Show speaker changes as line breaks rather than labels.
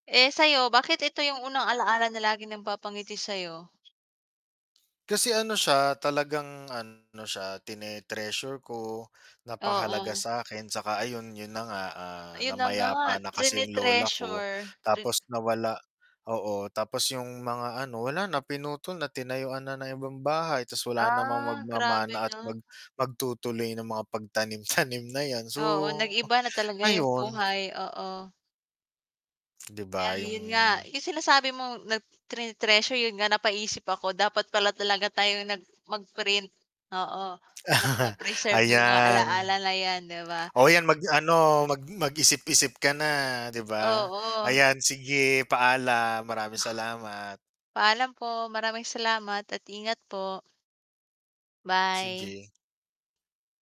Eh, sa'yo bakit ito yung unang alaala na laging nagpapangiti sa'yo?
Kasi ano siya, talagang ano siya, tine-treasure ko, napakahalaga
Oo.
sa'kin 'saka ayun, 'yun na nga, ah,
Ayun na
namayapa
nga,
na kasi yung lola ko
trine-treasure. Tin
tapos nawala oo, tapos yung mga ano, wala na pinutol na tinayuan na ng ibang bahay, ta's wala namang
Ah, grabe
magmamana at
'no.
mag magtutuloy ng mga pagtanim-tanim na yan, so
Oo, nag-iba na talaga yung
ayun.
buhay, oo.
'Di ba?
Ay, 'yun nga
Yung
yung sinasabi mong nag tine-treasure 'yun nga napaisip ako dapat pala talaga tayong nag mag-print, oo, ng ma-preserve yung mga
Ayan.
alaala na yan, 'di ba?
Oh, yan mag-ano, mag mag-isip-isip ka na, 'di ba?
Oo.
Ayan sige paalam, maraming salamat.
Paalam po, maraming salamat at ingat po. Bye.
Sige.